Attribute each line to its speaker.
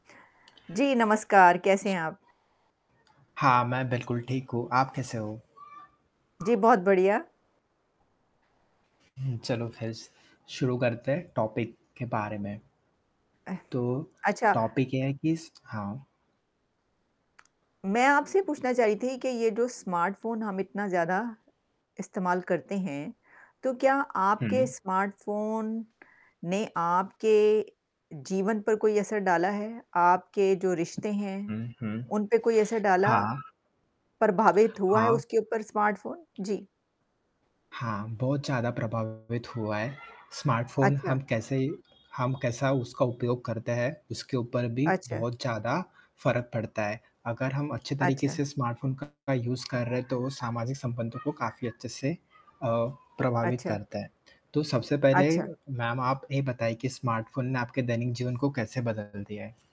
Speaker 1: जी, नमस्कार। कैसे हैं आप?
Speaker 2: हाँ, मैं बिल्कुल ठीक हूँ। आप कैसे हो?
Speaker 1: जी, बहुत बढ़िया।
Speaker 2: हुँ, चलो फिर स शुरू करते हैं, टॉपिक के बारे में।
Speaker 1: अ,
Speaker 2: तो
Speaker 1: अच्छा।
Speaker 2: टॉपिक ये है कि स हाँ।
Speaker 1: मैं आपसे पूछना चाह रही थी कि ये जो स्मार्टफ़ोन हम इतना ज़्यादा इस्तेमाल करते हैं, तो क्या आपके
Speaker 2: हुँ।
Speaker 1: स्मार्टफ़ोन ने आपके जीवन पर कोई असर डाला है? आपके जो रिश्ते हैं,
Speaker 2: हुँ, हुँ।
Speaker 1: उन पे कोई ऐसे डाला?
Speaker 2: हाँ।
Speaker 1: प्रभावित हुआ है
Speaker 2: हाँ।
Speaker 1: उसके ऊपर स्मार्टफ़ोन? जी।
Speaker 2: हाँ, बहुत ज़्यादा प्रभावित हुआ है, स्मार्टफ़ोन हम
Speaker 1: अच्छा।
Speaker 2: कैसे हम कैसा उसका उपयोग करते हैं, उसके ऊपर भी
Speaker 1: अच्छा।
Speaker 2: बहुत ज़्यादा फ़र्क पड़ता है अगर हम अच्छे तरीके
Speaker 1: अच्छा।
Speaker 2: से स्मार्टफ़ोन का यूज़ कर रहे हैं तो सामाजिक संबंधों को काफ़ी अच्छे से अ, प्रभावित
Speaker 1: अच्छा।
Speaker 2: करता है। तो सबसे पहले
Speaker 1: अच्छा।
Speaker 2: मैम आप ये बताइए कि स्मार्टफ़ोन ने आपके दैनिक जीवन को कैसे बदल दिया है?